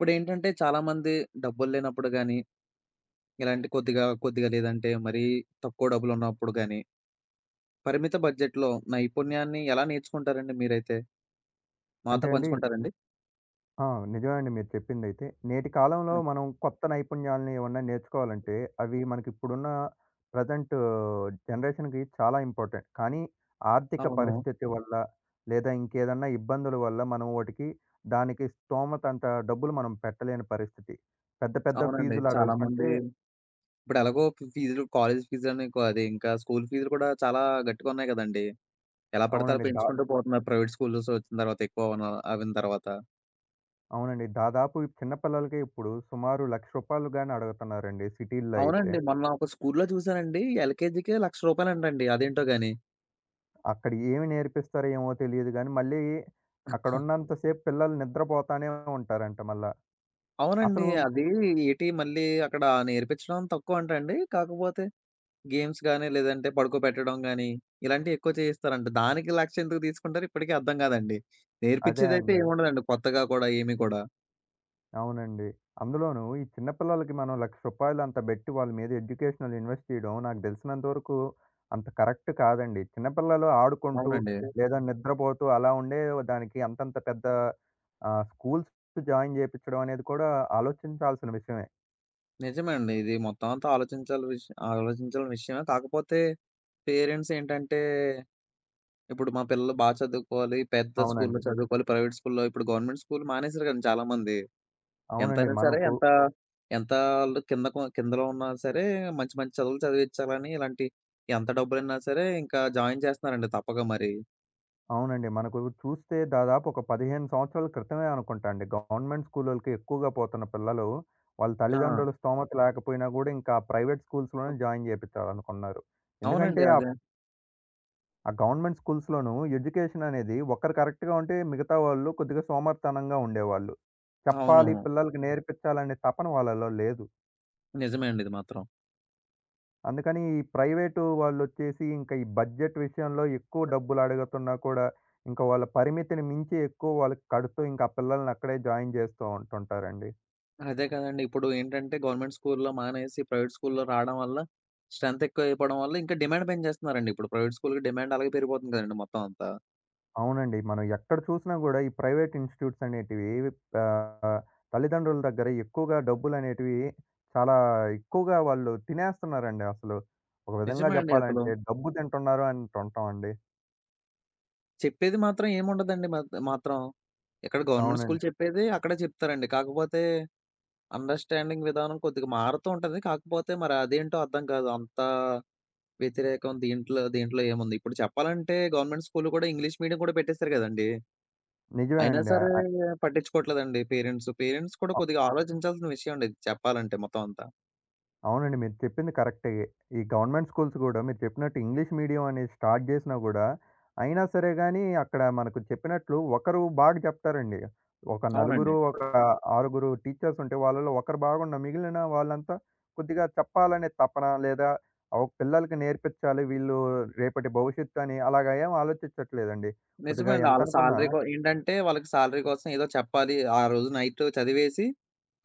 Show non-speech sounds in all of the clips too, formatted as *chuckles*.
ఇప్పుడేంటంటే, చాలామంది డబ్బులు లేనప్పుడు గాని, ఇలాంటి కొద్దిగా కొద్దిగా లేదంటే, మరీ తక్కువ డబ్బులు ఉన్నప్పుడు గానీ... పరిమిత బడ్జెట్‌లో నైపుణ్యాన్ని ఎలా నేర్చుకుంటారండి మీరైతే? మాతో అంటే, అండి పంచుకుంటారండి? ఆ! నిజమే అండి మీరు చెప్పిందైతే. నేటి కాలంలో మనం కొత్త నైపుణ్యాల్ని ఏమన్నా నేర్చుకోవాలంటే, అవి మనకిప్పుడున్న ప్రజెంటు జనరేషన్‌కి చాలా ఇంపార్టెంట్. కానీ ఆర్థిక అవును. పరిస్థితి వల్ల, లేదా ఇంకేదన్నా ఇబ్బందుల వల్ల, మనం వోటికి దానికి స్థోమతంత డబ్బులు మనం పెట్టలేని పరిస్థితి. పెద్ద పెద్ద అవునండి. చాలామంది. ఫీజులడుగుతుంటే ఇప్పుడెలాగో ఫీజులు కాలేజీ ఫీజని కా అదింకా స్కూలు ఫీజులు కూడా చాలా గట్టిగున్నాయి గదండీ! ఎలా పడతే అవునండి. దా పెంచుకుంటూ పోతున్నారు ప్రైవేట్ స్కూల్స్ వచ్చిన తర్వాత ఎక్కువ అవున అవ్విన తర్వాత. అవునండి. దాదాపు చిన్న పిల్లలకి ఇప్పుడు సుమారు రూ. 1,00,000 గాని అడుగుతున్నారండి సిటీల్లో అయితే. అవునండి. మొన్న ఒక స్కూల్లో చూసానండి. ఎల్‌కెజీకే 1,00,000 రూపాయలంటండి. అదేంటో గాని! అక్కడ ఏమి నేర్పిస్తారో ఏమో తెలీదుగానీ, మళ్ళీ *chuckles* అక్కడున్నంతసేపు పిల్లలు నిద్రపోతానే ఉంటారంట మళ్ళా. అవునండి. అసలు అది ఏటీ? మళ్ళీ అక్కడ నేర్పిచ్చడం తక్కువంటండి. కాకపోతే. గేమ్స్ గానీ, లేదంటే పడుకోపెట్టడం గానీ ఇలాంటివెక్కువ చేయిస్తారంట. దానికి 1,00,000 ఎందుకు తీసుకుంటారు ఇప్పటికీ అర్థం గాదండి. అదే నేర్పిచ్చేదైతే అండి. ఏముండదండి, కొత్తగా కూడా ఏమి కూడా. అవునండి. అందులోను ఈ చిన్న పిల్లలకి మనం రూ. 1,00,000 అంత బెట్టి వాళ్ల మీద ఎడ్యుకేషనల్ ఇన్వెస్ట్‌ జేయడం నాకు దెలిసినంత వరకు అంత కరెక్ట్ కాదండి. చిన్న పిల్లలు ఆడుకుంటూ అవునండి. లేదా నిద్రపోతూ అలా ఉండే దానికి అంతంత పెద్ద ఆహ్, స్కూల్స్ జాయిన్ చేపిచడం అనేది కూడా ఆలోచించాల్సిన విషయమే. నిజమే అండి. ఇది మొత్తమంతా ఆలోచించాల్సిన విష ఆలోచించాల్సిన విషయమే. కాకపోతే పేరెంట్స్ ఏంటంటే, ఇప్పుడు మా పిల్లలు బాగా చదువుకోవాలి, పెద్ద స్కూలులో అవునండి. చదువుకోవాలి, ప్రైవేట్ స్కూల్‌లో ఇప్పుడు గవర్నమెంట్ స్కూలు మానేశారు గదండీ చాలామంది. అవునండి. ఎంతైనా సరే, మనకు ఎంత ఎంత ఆళ్లు కిందకున కిందలో ఉన్నా సరే మంచి మంచి చదువులు చదివించాలని ఇలాంటి ఎంత డబ్బులైనా సరే ఇంకా జాయిన్ చేస్తున్నారండి. తప్పక మరి. అవునండి. మనకు చూస్తే దాదాపు ఒక 15 సంవత్సరాల క్రితమే అనుకుంటండీ. గవర్నమెంట్ స్కూలోలకి ఎక్కువగా పోతున్న పిల్లలు, వాళ్ల ఆ! తల్లిదండ్రుల స్థోమత లేకపోయినా గూడా ఇంకా ప్రైవేట్ స్కూల్స్‌లోనే *unintelligible* జాయిన్ జేపిచాలనుకున్నారు. అవునండి. ఎందుకంటే ఆ... అదే. ఆ గవర్నమెంట్ స్కూల్స్‌లోనూ ఎడ్యుకేషన్ అనేది ఒక్కరు కరెక్ట్‌గా ఉంటే, మిగతా వాళ్లు కొద్దిగా సోమరితనంగా ఉండేవాళ్లు. చెప్పాలి, అవును. పిల్లలకి నేర్పించాలనే తపన వాళ్లలో లేదు. నిజమే అండి ఇది మాత్రం. అందుకని, ఈ ప్రైవేటు వాళ్ళొచ్చేసి ఇంకా ఈ బడ్జెట్ విషయంలో ఎక్కువ బడ్జెట్. డబ్బులు అడుగుతున్నా కూడా, ఇంకా వాళ్ళ పరిమితిని మించి ఎక్కువ వాళ్ళకి కడుతూ, ఇంకా పిల్లల్ని అక్కడే జాయిన్ జేస్తా ఉంటుంటారండి. అదే కదండీ. ఇప్పుడు ఏంటంటే, గవర్నమెంట్ స్కూల్‌లో మానేసి, ప్రైవేట్ స్కూల్‌లో రాడం వల్ల. స్ట్రెంతెక్కువైపోవడం వల్ల ఇంకా డిమాండ్ పెని చేస్తున్నారండి. ఇప్పుడు ప్రైవేట్ స్కూల్‌కి డిమాండలాగే పెరిగిపోతుంది కదండీ! మొత్తం అంతా. అవునండి. మనం ఎక్కడ చూసినా కూడా ఈ ప్రైవేట్ ఇన్‌స్టిట్యూట్స్ అనేటివి ఆహ్, తల్లిదండ్రుల దగ్గర ఎక్కువగా డబ్బులునేటివి చాలా ఎక్కువగా వాళ్ళు తినేస్తున్నారండి అసలు. ఒక విధంగా నిజమే అండి అసలు. చెప్పాలంటే డబ్బు తింటున్నారు అంటుంటాం అండి. చెప్పేది మాత్రం ఏముండదండి మాత్ మాత్రం. ఇక్కడ గవర్నమెంట్ స్కూల్ అవునండి. చెప్పేది అక్కడ చెప్తారండి. కాకపోతే అండర్‌స్టాండింగ్ విధానం కొద్దిగా మారుతూ ఉంటంది. కాకపోతే మరదేంటో అర్థం కాదు. అంతా, వ్యతిరేకం. దీంట్లో దీంట్లో ఏముంది. ఇప్పుడు చెప్పాలంటే, గవర్నమెంట్ స్కూల్‌లో కూడా ఇంగ్లీష్ మీడియం కూడా పెట్టేస్తారు గదండీ! నిజమే అయినా అండి. ఆహ్, సరే అయ్ పట్టించుకోవట్లేదండి పేరెంట్స్. పేరెంట్స్ కూడా అ కొద్దిగా ఆలోచించాల్సిన విషయమండి చెప్పాలంటే మొత్తం అంతా. అవునండి. మీరు చెప్పింది కరెక్టే. ఈ గవర్నమెంట్ స్కూల్స్ గూడా మీరు చెప్పినట్టు ఇంగ్లీష్ మీడియం అనేది స్టార్ట్ జేసినా గూడా, అయినా సరే గానీ అక్కడ మనకు చెప్పినట్లు ఒకరు బాగా చెప్తారండి. ఒక అవునండి. నలుగురు, ఒక ఆరుగురు టీచర్స్ ఉంటే వాళ్ళలో ఒకరు బాగున్న మిగిలిన వాళ్ళంతా, కొద్దిగా చెప్పాలనే తపనా లేదా ఆహ్, పిల్లలకి నేర్పిచ్చాలి. వీళ్ళు రేపటి భవిష్యత్తు అని అలాగా ఏం ఆలోచిచ్చట్లేదండి. కొద్దిగా నిజమే అండి. ఆళ్ళ ఎంతనుకున్నా శాలరీ గూ ఏంటంటే వాళ్ళకి శాలరీ కోసం ఏదో చెప్పాలి. ఆ రోజు నైటు చదివేసి,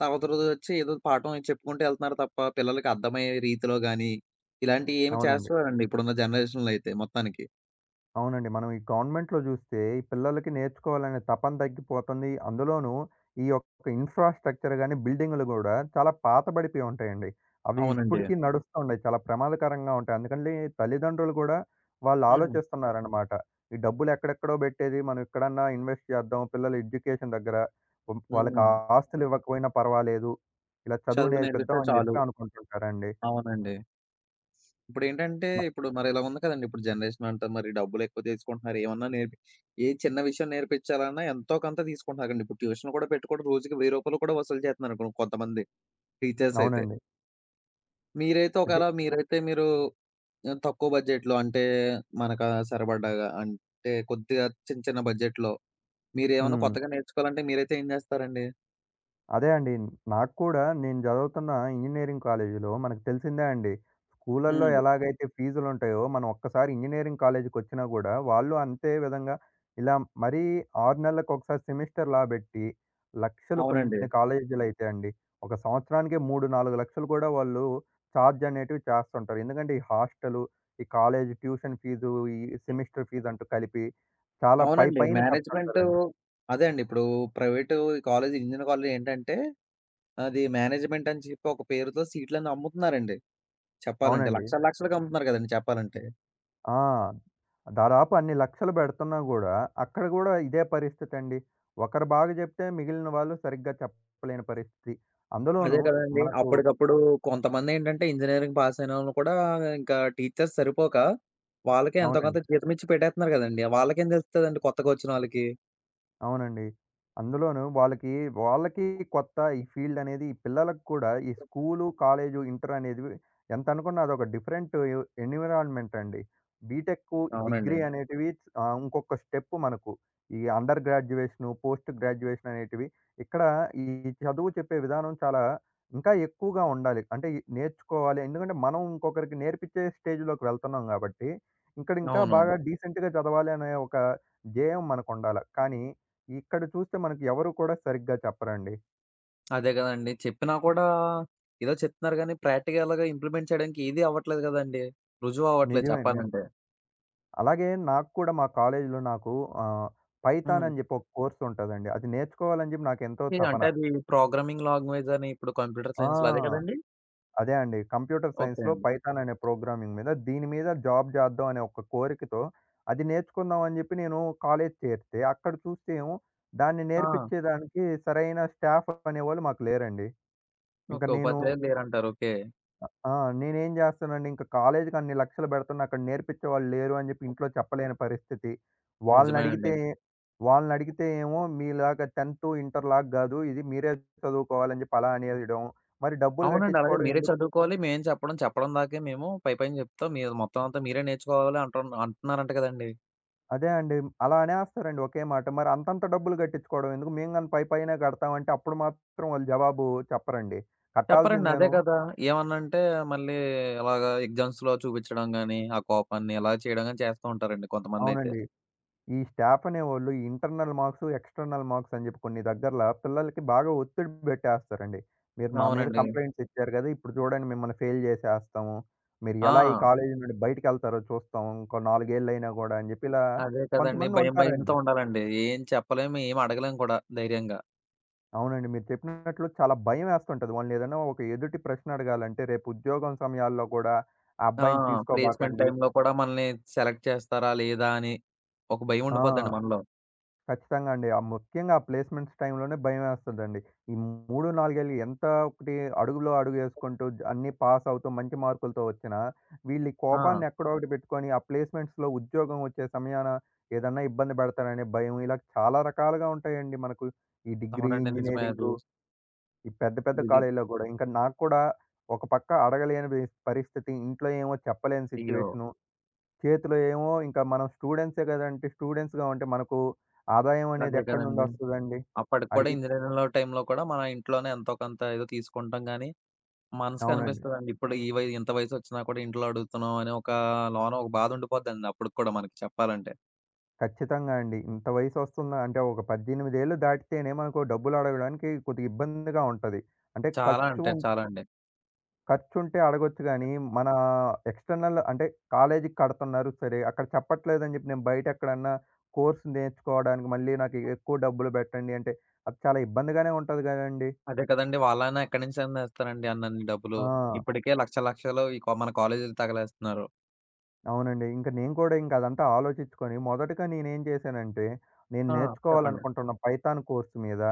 తవతరొజోచ్చి ఏదో పాఠం చెప్పుకుంటు ఎళ్తన్నారు తప్ప పిల్లలకి అర్థమయ్యే రీతిలో గాని, ఇలాంటియి ఏమి అవునండి. చేస్తవారండి ఇప్పుడున్న జనరేషన్‌లో అయితే మొత్తానికి. అవునండి. మనం ఈ గవర్నమెంట్‌లో జూస్తే ఈ పిల్లలకి నేర్చుకోవాలనే తపన తగ్గిపోతంది. అందులోనూ ఈ యొక్క ఇన్‌ఫ్రా‌స్ట్రక్చర్ గాని, బిల్డింగులు గూడా చాలా పాత బడిపోయి ఉంటాయండి. అవి అవునండి. ఇప్పడికి నడుస్త వుండాయి. చాలా ప్రమాదకరంగా ఉంటాయి. అందుకని లే తల్లిదండ్రులు గూడా వాళ్ళ హ్మ్. ఆలోచిస్తన్నారనమాట. ఈ డబ్బులెక్కడెక్కడో పెట్టేది మనం ఇక్కడన్నా ఇన్వెస్ట్ చేద్దాం. పిల్లల ఎడ్యుకేషన్ దెగ్గర. హ్మ్. వాళ్ళకి హ్మ్. ఆస్తులివ్వకపోయినా పర్వాలేదు. ఇలా చదువు నేర్పితే చదువునేరర్పిపిద్దాం అని చాలు. చెప్పి అనుకుంటుంటారండి. అవునండి. ఇప్పుడేంటంటే బ ఇప్పుడు మరి ఇలా ఉంది కదండి! ఇప్పుడు జనరేషన్ అంత మరి డబ్బులెక్కువ తీసుకుంటున్నారు ఏవన్నా నేర్పిచ్ ఏ చిన్న విషయం నేర్పిచ్చాలన్నా ఎంతోకొంత తీసుకుంటున్నారండి. ఇప్పుడు ట్యూషన్ కూడా పెట్టుకోడం రోజుకి రూ. 1000 కూడా వసూలు జేత్తన్నారనుకో కొంతమంది. టీచర్స్ అయితే. అవునండి. మీరైతే అది ఒకేలా మీరైతే మీరు తక్కువ బడ్జెట్‌లో అంటే మనకు సరిపడగా అంటే కొద్దిగా చిన్న చిన్న బడ్జెట్‌లో మీరేమన్నా హ్మ్. కొత్తగా నేర్చుకోవాలంటే మీరైతే ఏం జేస్తారండి? అదే అండి. నాకు కూడా నేను చదువుతున్న ఇంజినీరింగ్ కాలేజిలో మనకు తెలిసిందే అండి. స్కూల్లలో హ్మ్. ఎలాగైతే ఫీజులుంటాయో, మనం ఒక్కసారి ఇంజినీరింగ్ కాలేజికొచ్చినా గూడా వాళ్లు అంతే విధంగా ఇలా మరీ 6 నెలలకొకసారి, సెమిస్టర్స్ బట్టి లక్షలు. అవునండి. కొన్ని కాలేజీలైతే అండి, ఒక సంవత్సరానికే 3,00,000, 4,00,000 కూడా వాళ్లు ఛార్జ్ అనేటివి చేస్తుంటారు. ఎందుకంటే ఈ హాస్టలు, ఈ కాలేజి ట్యూషన్ ఫీజు, ఈ సెమిస్టర్ ఫీజంటూ కలిపి చాలా అవునండి. పైపైన మేనేజ్‌మెంటూ చెప్తుంటారండి. అదే అండి. ఇప్పుడు ప్రైవేటూ కాలేజీ, ఇంజినీరింగ్ కాలేజీలో ఏంటంటే, అది మేనేజ్‌మెంట్ అని చెప్పి ఒక పేరుతో సీట్లన్నీ అమ్ముతున్నారండి. చెప్పాలంటే అవునండి. లక్షల లక్షలకమ్ముతున్నారు గదండీ చెప్పాలంటే. ఆ! దాదాపు అన్ని లక్షలు పెడుతున్నా గూడా అక్కడ గూడా ఇదే పరిస్థితండి. ఒకరు బాగా చెప్తే, మిగిలిన వాళ్లు సరిగ్గా చెప్పలేని పరిస్థితి. అదే అందులోనూ కదండీ! మనకు అప్పడికప్పుడు కొంతమందేంటంటే ఇంజినీరింగ్ పాస్ అయినోళ్లు కూడా ఇంకా టీచర్స్ సరిపోక, వాళ్లకే ఎంతో కొంత అవునండి. జీతం ఇచ్చి పెట్టేత్తున్నారు కదండీ! వాళ్లకేం తెలుత్తదండి కొత్తగా వచ్చినోళ్లకి? అవునండి. అందులోను వాళ్ళకి వాళ్ళకి కొత్త ఈ ఫీల్డనేది ఈ పిల్లలకి కూడా ఈ స్కూలు, కాలేజు ఇంటరనేదివి ఎంతనుకున్నా అదొక డిఫరెంటు ఎ ఎన్విరాన్మెంటండి. బీటెక్కు, డిగ్రీ అవునండి. అనేటివి ఆహ్, ఇంకొక్క స్టెప్పు మనకు. ఈ అండర్ గ్రాడ్యుయేషను, పోస్ట్ గ్రాడ్యుయేషననేటివి. ఇక్కడ ఈ చదువు చెప్పే విధానం చాలా ఇంకా ఎక్కువగా ఉండాలి. అంటే ఇయి నేర్చుకోవాలి. ఎందుకంటే, మనం ఇంకొకరికి నేర్పించే స్టేజ్‌లోకి వెళ్తున్నాం కాబట్టి, ఇక్కడింకా అవును. బాగా డీసెంట్‌‌గా చదవాలి అనే ఒక ధ్యేయం మనకుండాల. కానీ, ఇక్కడ చూస్తే మనకు ఎవరు కూడా సరిగ్గా చెప్పరండి. అదే గదండీ. చెప్పినా కూడా, ఏదో చెప్తున్నారు గానీ ప్రాక్టికల్‌‌గా ఇంప్లిమెంట్ చేయడానికి ఏది అవ్వట్లేదు గదండీ! రుజువవ్వట్లేదు నిజమే అండి. చెప్పాలంటే. అలాగే నాకు కూడా, మా కాలేజీలో నాకు ఆహ్, హ్మ్. పైథానని జెప్పి ఒక కోర్సుంటదండి. అది నేర్చుకోవాలని చెప్పి నాకెంతో ఏ తపన. అంటే అది ప్రోగ్రామింగ్ లాంగ్వేజని ఇప్పుడు కంప్యూటర్ ఆ! సైన్స్‌లో అదే గదండీ! అదే అండి. కంప్యూటర్ ఓకే సైన్స్‌లో అండి. పైథాననే ప్రోగ్రామింగ్ మీద, దీని మీద జాబ్ చేద్దాం అనే ఒక కోరికతో, అది నేర్చుకుందాం అని జెప్పి నేను కాలేజీ చేరితే, అక్కడ చూస్తే ఏమో దాన్ని ఆ! నేర్పిచ్చేదానికి సరైన స్టాఫనేవాళ్ళు మాకు లేరండి. ఇంక ఓకే. నేను ఉపాధ్యాయులు లేరంటారు. ఓకే. ఆహ్, ఆ! నేనేం జేస్తనండి ఇంక కాలేజీకి అన్ని లక్షలు బెడుతున్నా అక్కడ నేర్పించేవాళ్లు లేరు అని జెప్పి ఇంట్లో చెప్పలేని పరిస్థితి. నిజమే అండి. వాళ్లనడిగితే వాళ్లనడిగితే ఏమో మీలాగా 10థ్, ఇంటర్ లాగా గాదు ఇది మీరే చదువుకోవాలని జెప్పి అలా అనేయడం. మరి డబ్బులు అవునండి. అలాగే గట్టించుకోవడం మీరే ఎందుకు? చదువుకోవాలి. మేమే చెప్పడం చెప్పడం దాకే మేము. పైపైన చెప్తాం. మీది మొత్తం అంతా మీరే నేర్చుకోవాలి అంటున్ అంటున్నారంట గదండీ! అదే అండి. అలా అనేస్తారండి ఒకే మాట. మరంతంత డబ్బులు గట్టించుకోవడం ఎందుకు? మేముగానీ పైపైనే గడతాం అంటే అప్పుడు మాత్రం వాళ్లు జవాబు చెప్పరండి. చెప్పరండి. అదే కట్టాల్సిందేను. గదా! ఏమన్నా అంటే మళ్లీ అలాగా ఎగ్జామ్స్‌లో చూపిచ్చడం గానీ, ఆ కోపాన్ని ఇలాగ చేయడం గానీ చేస్తూ ఉంటారండి కొంతమందైతే. అవునండి. ఈ స్టాఫనేవాళ్లు, ఈ ఇంటర్నల్ మార్క్స్, ఎక్స్‌టర్నల్ మార్క్సని జెప్పి కొన్ని దగ్గర్ల పిల్లలకి బాగా ఒత్తిడి బెట్టేస్తారండి. "మీరు మా మీద అవునండి. కంప్లైంట్స్ ఇచ్చారు గదా! ఇప్పుడు జూడండి, మిమ్మల్ని ఫెయిల్ జేసేస్తాము. మీరు ఎలా ఈ ఆ! కాలేజీ నుండి బయటికి ఎళ్తారో చూస్తాం. ఇంకో నాలుగేళ్లైనా గూడా" అని జెప్పి ఇలా అదే కదండీ. కొంతమంది భయం భయంతో ఉంటారండి. ఉండాలండి. ఏం చెప్పలేము ఏం అడగలేం కూడా ధైర్యంగా. అవునండి. మీరు చెప్పినట్లు చాలా భయం వేస్తుంటది. వాళ్లని ఏదైనా ఒక ఎదుటి ప్రశ్న అడగాలంటే, రేపు ఉద్యోగం సమయాల్లో కూడా "ఆ ఆ! అబ్బాయిని ప్లేస్‌మెంట్ తీసుకోబాకండి" టైమ్‌లో కూడా మనల్ని సెలెక్ట్ చేస్తారా లేదా అని ఒక భయం ఆ! ఉండిపోతదండి మనలో. ఖచ్చితంగా అండి. ఆ ముఖ్యంగా ఆ ప్లేస్‌మెంట్స్ టైమ్‌లోనే భయం ఏస్తదండి. ఈ 3, 4ఏళ్లు ఎంత ఒకటి అడుగులో అడుగేసుకుంటూ అన్నీ పాసవుతూ, మంచి మార్కులతో ఒచ్చినా, వీళ్లీ ఆ! కోపాన్ని ఎక్కడో ఒకటి బెట్టుకొని ఆ ప్లేస్‌మెంట్స్‌లో ఉద్యోగం ఒచ్చే సమయాన ఏదన్నా ఇబ్బంది బెడతాడనే భయము ఇలా చాలా రకాలుగా ఉంటాయండి మనకు. ఈ డిగ్రీ, అవునండి. నిజమే అది. ఇంజినీరింగు ఈ పెద్ద పెద్ద *unintelligible* కాలేజీల్లో గూడా ఇంకా నాకు కూడా ఒకపక్క అడగలేని బీస్ పరిస్థితి. ఇంట్లో ఏమో చెప్పలేని అయ్యో! సిట్యుయేషను. చేతిలో ఏమో ఇంకా మనం స్టూడెంట్సే గదా! అంటే స్టూడెంట్స్‌గా ఉంటే మనకు ఆదాయం అనేది అదే ఎక్కడి కదండీ! నుండొస్తదండి? అప్పటికి కూడా అడిగిద ఇంజినీరింగ్‌లో టైమ్‌లో కూడా మన ఇంట్లోనే ఎంతోకొంత ఏదో తీసుకుంటాం గానీ, మనసుకి అవునండి. అనిపిస్తదండి. ఇప్పుడు ఈ వయ్ ఇంత వయసొచ్చినా కూడా ఇంట్లో అడుగుతున్నాం అనే ఒక లోన ఒక బాధ ఉండిపోదండి అప్పటికి కూడా మనకి చెప్పాలంటే. ఖచ్చితంగా అండి. ఇంత వయసొస్తుందా అంటే, ఒక 18 ఏళ్ళు దాటితేనే, మనుకు డబ్బులు అడగడానికి కొద్దిగా ఇబ్బందిగా ఉంటది. అంటే చాలా ఖర్చు అంటే, చాలాండి. ఖర్చుంటే అడగొచ్చు గానీ, మనా ఎక్స్‌ట్రనల్ అంటే, కాలేజీకి కడుతున్నారు సరే, అక్కడ చెప్పట్లేదని చెప్పి, నేను బయటెక్కడన్నా, కోర్స్ నేర్చుకోవడానికి, మళ్ళీ నాకు ఎక్కువ డబ్బులు బెట్టండి అంటే, అది చాలా ఇబ్బందిగానే ఉంటది గదండీ! అదే కదండీ! వాళ్ళైన్నా ఎక్కడి నుంచని తెస్తారండి, అన్నన్ని డబ్బులు. ఆ! ఇప్పటికే లక్షలు, లక్షలు, ఈ కొ మన కాలేజులు తగలేస్తున్నారు. అవునండి. ఇంక నేను కూడా, ఇంక అదంతా ఆలోచించుకొని మొదటగా నేనేం చేశానంటే, నేను ఆ! చెప్పండి. నేర్చుకోవాలనుకుంటున్న పైథాన్ కోర్స్ మీద,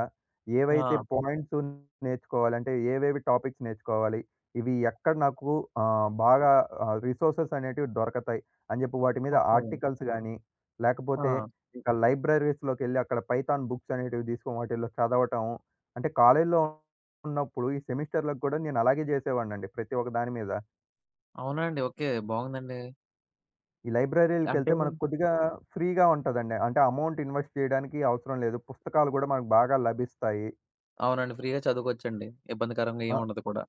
ఏవైతే ఆ! పాయింట్సును నేర్చుకోవాలంటే, ఏవేవి టాపిక్స్ నేర్చుకోవాలి. ఇవి ఎక్కడ నాకు ఆహ్, బాగా ఆహ్, రిసోర్సెసనేటివి దొరకతాయి. అని చెప్పి వాటి మీద ఓకే. ఆర్టికల్స్ గాని, లేకపోతే ఆ! ఇంక లైబ్రరీస్‌లోకెళ్ళి, అక్కడ పైథాన్ బుక్సనేటివి దీసుకో వాటిల్లో చదవటం. అంటే, కాలేజిలోన్నప్పుడు ఈ సెమిస్టర్‌లకి గూడా నేను అలాగే జేసేవాడినండి. ప్రతి ఒక్క దాని మీద. అవునాండి? ఓకే. బావుందండి. ఈ అంటే లైబ్రరీలకెళ్తే మనకు కొద్దిగా, ఫ్రీగా ఉంటదండి. అంటే, అమౌంటిన్వెస్ట్ చేయడానికి అవసరం లేదు. పుస్తకాలు కూడా మనకు బాగా లభిస్తాయి. అవునండి. ఫ్రీగా చదువుకోవచ్చండి. ఇబ్బందికరంగా ఆ! ఏముండదు కూడా.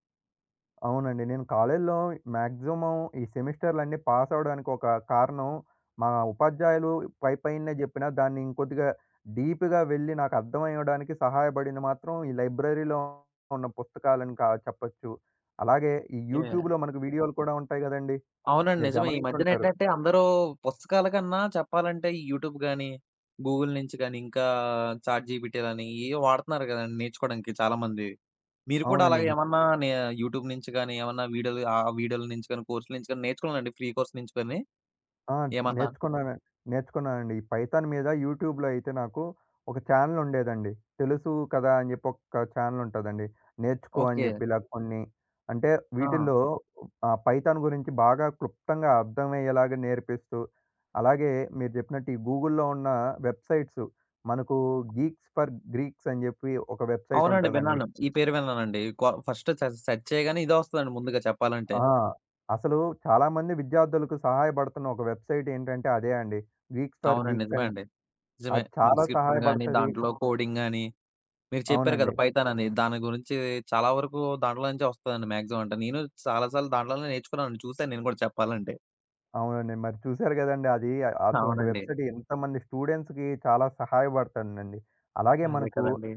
అవునండి. నేను కాలేజీలో మాక్సిమమ్ ఈ సెమిస్టర్లన్నీ పాస్ అవ్వడానికి ఒక కారణం, మా ఉపాధ్యాయులు పైపైనే చెప్పినా, దాన్ని ఇంకొద్దిగా డీప్‌గా వెళ్లి నాకు అర్థమయ్యడానికి సహాయపడింది మాత్రం ఈ లైబ్రరీలో ఉన్న పుస్తకాలను అని కా చెప్పొచ్చు. అలాగే ఈ ఓకే. యూట్యూబ్‌లో మనకు వీడియోలు కూడా ఉంటాయి కదండీ! అవునండి. మీరు నిజమే. ఈ మధ్య గమనించుంటారు. నేంటంటే అందరూ పుస్తకాల కన్నా చెప్పాలంటే యూట్యూబ్ గానీ, గూగుల్ నుంచి గానీ, ఇంకా చాట్ జీపీటీ గానీ ఏయో వాడుతున్నారు కదండీ నేర్చుకోవడానికి చాలామంది. మీరు కూడా అలాగ అవునండి. ఏమన్నా నే యూట్యూబ్ నుంచి గానీ, ఏమన్నా వీడియోల నుంచి గానీ, కోర్సుల నుంచి గానీ నేర్చుకున్నారండి? ఫ్రీ కోర్స్ నుంచి గానీ, ఆ! ఏమన్నా? నేర్చుకున్నాన నేర్చుకున్నానండి. ఈ పైథాన్ మీద యూట్యూబ్‌లో అయితే నాకు ఒక ఛానెల్ ఉండేదండి. తెలుసు కదా! అని చెప్పి ఒక ఛానెల్ ఉంటదండి. నేర్చుకో అని ఓకే. చెప్పి ఇలా కొన్ని అంటే ఆ! వీటిల్లో ఆహ్, పైథాన్ గురించి బాగా క్లుప్తంగా అర్థమయ్యేలాగ నేర్పిస్తూ, అలాగే మీరు చెప్పినట్టు ఈ గూగుల్‌లో ఉన్న వెబ్‌సైట్స్ మనకు గీక్స్ ఫర్ గీక్స్ అని చెప్పి ఒక వెబ్‌సైట్ అవునండి. ఉంటదండి. విన్నాను. ఈ పేరు విన్నానండి. కొ ఫస్ట్ సె సెర్చ్ చేయగానే ఇదే ఒస్తదండి ముందుగా చెప్పాలంటే. ఆ! అసలు చాలామంది విద్యార్థులకు సహాయపడుతున్న ఒక వెబ్‌సైట్ ఏంటంటే అదే అండి. గీక్స్ ఫర్ అవునండి. గీక్స్ నిజమే అని. అండి. నిజమే. అది చాలా డిస్క్రిప్షన్ గానీ, సహాయపడతది. దాంట్లో కోడింగ్ గానీ మీరు చెప్పారు కదా అవునండి. పైథాన్ అని. దాని గురించి చాలా వరకు దాంట్లో నుంచే ఒస్తదండి. మాక్సిమమ్. అంటే నేను చాలా సార్లు దాంట్లోనే నేర్చుకున్నానండి. చూసాను నేను కూడా చెప్పాలంటే. అవునండి. మరి చూసారు గదండీ! అది అటువంటి అవునండి. వెబ్‌సైట్ ఎంతమంది స్టూడెంట్స్‌కి చాలా సహాయపడతుందండి. అలాగే అదే మనకు కదండీ!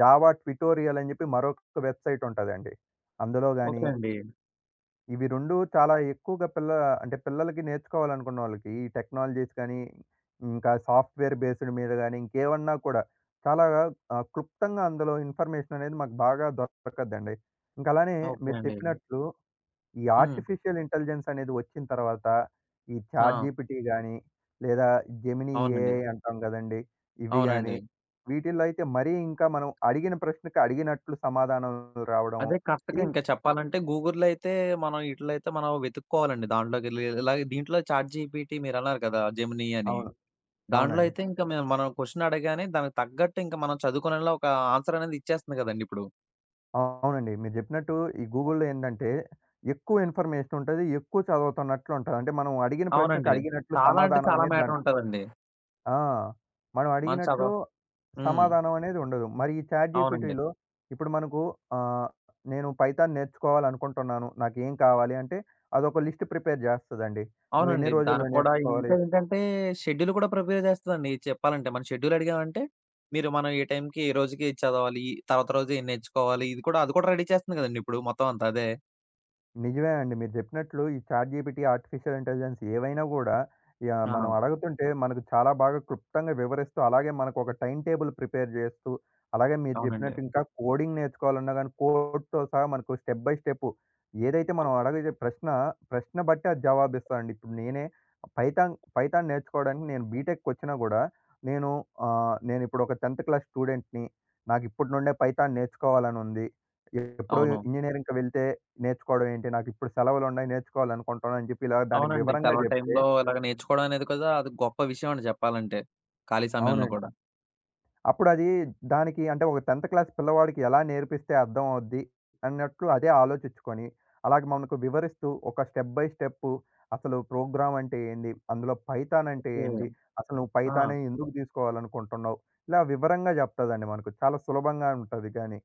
జావా ట్యుటోరియల్ అని జెప్పి మరొక వెబ్‌సైట్ ఉంటదండి. ఓకే అందులోగాని... అండి. ఇవి 2 చాలా ఎక్కువగా పిల్ల అంటే పిల్లలకి నేర్చుకోవాలనుకున్నోళ్ళకి, ఈ టెక్నాలజీస్ గానీ, ఇంకా సాఫ్ట్ వేర్ బేస్డ్ మీద గాని, ఇంకేవన్నా కూడా చాలాగా ఆహ్, క్లుప్తంగా అందులో ఇన్ఫర్మేషననేది మాకు బాగా దొరొకద్దండి. ఇంకలానే ఓకే మీరు అండి. చెప్పినట్టు, ఈ హ్మ్. ఆర్టిఫిషియల్ ఇంటెలిజెన్సనేది వచ్చిన తర్వాత, ఈ ఆ! ఛాట్‌జీపిటీ గానీ, లేదా జెమినీ అవునండి. ఏఐ అంటాం గదండీ! ఇవి గాని, అవునండి. వీటిల్లో అయితే మరీ ఇంకా మనం అడిగిన ప్రశ్నకి అడిగినట్లు సమాధానం రావడం. అదే ఈ కాస్తగా ఇంకా చెప్పాలంటే, గూగుల్‌లో అయితే మనం ఈటిల్లో అయితే మనం వెతుక్కోవాలండి. దాంట్లోకకెళ్ళి. ఇలాగే దీంట్లో చాట్‌జీపీటి మీరన్నారు కదా! జెమిని అని, అవును. దాంట్లో అవునండి. అయితే ఇంకా మేం మనం కొషన్ అడగానే దానికి తగ్గట్టు ఇంక మనం చదువుకునేలా ఒక ఆన్సరనేది ఇచ్చేస్తుంది గదండీ ఇప్పుడు. అవునండి. మీరు జెప్పినట్టు ఈ గూగుల్‌లో ఏందంటే, ఎక్కువ ఇన్ఫర్మేషనుంటది, ఎక్కువ చదువుతున్నట్లుంటది. అంటే మనం అడిగిన ప్రశ్నకు అవునండి. అడిగినట్లు చాలా అంటే సమాధానం చాలా అనేది దాంట్ మ్యాటరుంటదండి. ఆ! మనం మనం చదవ అడిగినట్లు హ్మ్. సమాధానం అనేది ఉండదు. మరి ఈ అవునండి. చాట్‌జీపీటీలో ఇప్పుడు మనకు ఆహ్, నేను పైథాన్ నేర్చుకోవాలనుకుంటున్నాను. నాకేం కావాలి? అంటే అదొక లిస్ట్ ప్రిపేర్ జేస్తదండి. నువ్వు ఎన్ని అవునండి. రోజుల్లో దానికి కూడా ఇంకా నేర్చుకోవాలి? ఏంటంటే, షెడ్యూల్ కూడా ప్రిపేర్ జేస్తదండి. చెప్పాలంటే మనం షెడ్యూలడిగామంటే, మీరు మనం ఏ టైంకి ఏ రోజుకి ఏది చదవాలి? తర్వాత రోజు ఏం నేర్చుకోవాలి? ఇది కూడా అది కూడా రెడీ చేస్తుంది కదండీ! ఇప్పుడు మొత్తం అంతా అదే. నిజమే అండి. మీరు చెప్పినట్లు ఈ చాట్ జీపీటీ, ఆర్టిఫిషియల్ ఇంటెలిజెన్స్ ఏవైనా గూడా యాహ్! మనం ఆ! అడగతుంటే మనకు చాలా బాగా క్లుప్తంగా వివరిస్తూ, అలాగే మనకొక టైమ్‌టేబుల్ ప్రిపేర్ చేస్తూ, అలాగే మీరు అవునండి. జెప్పినట్టు ఇంకా కోడింగ్ నేర్చుకోవాలన్నా గానీ, కోడ్‌తో సహా మనకు స్టెప్ బై స్టెప్ ఏదైతే అ! మనం అడగిజే ప్రశ్న, ప్రశ్న బట్టి అది జవాబిస్తదండి. ఇప్పుడు నేనే పైథాన్, పైథాన్ నేర్చుకోవడానికి నేను బీటెక్‌కి వచ్చినా కూడా నేను ఆహ్, నేను ఇప్పుడు ఒక 10థ్ క్లాస్ స్టూడెంట్‌ని నాకిప్పటి నుండే పైథాన్ నేర్చుకోవాలని ఉంది. ఎప్పుడో అవును. ఇంజినీరింగ్‌కి వెళ్తే నేర్చుకోవడం ఏంటి? నాకు ఇప్పుడు సెలవులున్నాయి, నేర్చుకోవాలనుకుంటున్నాను అని చెప్పి ఇలాగ దానికి అవునండి. వివరంగా సెలవుల చెప్తే టైంలో ఇలాగ నేర్చుకోవడం అనేది కదా అది గొప్ప విషయం అండి చెప్పాలంటే. ఖాళీ సమయంలో అవునండి. కూడా. అప్పుడది దానికి అంటే ఒక 10థ్ క్లాస్ పిల్లవాడికి ఎలా నేర్పిస్తే అర్థం అవుది అన్నట్టు అదే ఆలోచిచ్చుకొని అలాగ మనకు వివరిస్తూ, ఒక స్టెప్ బై స్టెప్ అసలు ప్రోగ్రామ్ అంటే ఏంది? అందులో పైథాన్ అంటే ఓకె. ఏంది? అసలు నువ్వు ఆ! పైథానే ఎందుకు తీసుకోవాలనుకుంటున్నావు? ఇలా వివరంగా చెప్తదండి మనకు. చాలా సులభంగా ఉంటది గానీ.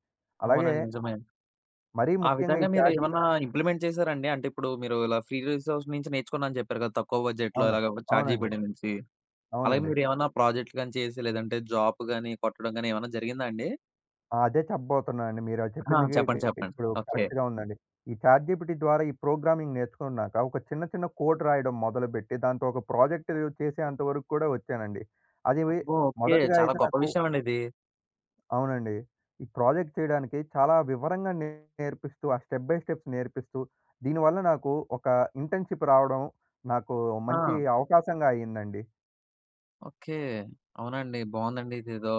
అలాగే అవునండి. నిజమే. మరీ ఆ ముఖ్యంగా విధంగా ఈ చాట్ జీ మీరేమన్నా ఇంప్లిమెంట్ చేశారాండి? అంటే ఇప్పుడు మీరు ఇలా ఫ్రీ రిసోర్సెస్ నుంచి నేర్చుకున్నానని చెప్పారు కదా! తక్కువ బడ్జెట్‌లో అవును. ఇలాగ చాట్ అవునండి. జీపీటీ నుంచి. అలాగే అవునండి. మీరేమన్నా ప్రాజెక్ట్‌లు గానీ చేసి, లేదంటే జాబ్ గానీ కొట్టడం ఏమన్నా జరిగిందా అండి? ఆ! అదే చెప్పబోతున్నానండి. మీరు అది ఆ! చెప్పిందికి చెప్పండి. చెప్పండి. ఇప్పుడు ఓకే. కరెక్ట్‌గా ఉందండి. ఈ చాట్ జీపీటీ ద్వారా ఈ ప్రోగ్రామింగ్ నేర్చుకున్నాక, ఒక చిన్న చిన్న కోడ్ రాయడం మొదలుపెట్టి, దాంతో ఒక ప్రాజెక్ట్ చేసేంత వరకు కూడా వచ్చానండి. అదీ అబ్బో! ఓకే. మొదటిగా చాలా అయితే గొప్ప నాకు విషయం అండి ఇది. అవునండి. ఈ ప్రాజెక్ట్ చేయడానికి చాలా వివరంగా నేర్పిస్తూ, ఆ స్టెప్ బై స్టెప్ నేర్పిస్తూ. దీనివల్ల నాకు ఒక ఇంటర్న్‌షిప్ రావడం నాకు మంచి ఆ! అవకాశంగా అయిందండి. ఓకే. అవునండి. బావుందండి ఇదేదో.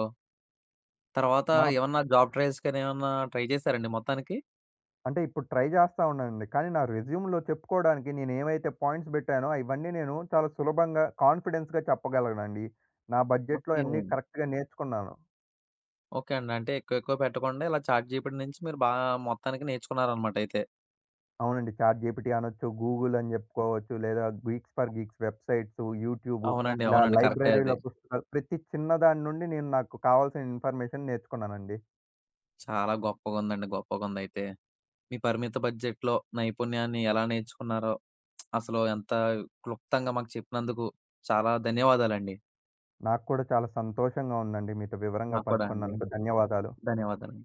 తర్వాత మనం ఏమన్నా జాబ్ ట్రయల్స్ గానీ, ఏమన్నా ట్రై జేశారాండి మొత్తానికి? అంటే ఇప్పుడు ట్రై జేస్తా ఉన్నానండి. కానీ నా రెజ్యూమ్‌లో చెప్పుకోవడానికి నేను ఏవైతే పాయింట్స్ బెట్టానో ఇవన్నీ నేను చాలా సులభంగా, కాన్ఫిడెన్స్‌గా చెప్పగలనండి. నా బడ్జెట్‌లో ఓకే. అన్నీ కరెక్ట్‌గా నేర్చుకున్నాను. ఓకే అండి. అంటే ఎక్కువ ఎక్కువ పెట్టకుండా ఇలా చాట్ జీపీటీ నుంచి మీరు బాగా మొత్తానికి నేర్చుకున్నారనమాట అయితే. అవునండి. చాట్ జీపీటీ అనొచ్చు, గూగుల్ అని చెప్పుకోవచ్చు, లేదా geeks for geeks websites, YouTube అవునండి. ఇలా అవునండి. కరెక్టే అది. లైబ్రరీలో ప్ ప్రతి చిన్న దాని నుండి నేను నాకు కావాల్సిన ఇన్‌ఫర్‌మెషన్ నేర్చుకున్నానండి. గొప్పగుందండి గొప్పగుందైతే. మీ పరిమిత బడ్జెట్‌లో నైపుణ్యాన్ని ఎలా నేర్చుకున్నారో? *smacks lips* అసలు ఎంత క్లుప్తంగా మాకు చెప్పినందుకు చాలా ధన్యవాదాలండి. నాకు కూడా చాలా సంతోషంగా ఉందండి. మీతో వివరంగా నాకూ కూడా అండి. పంచుకున్నందుకు. ధన్యవాదాలు. ధన్యవాదాలు.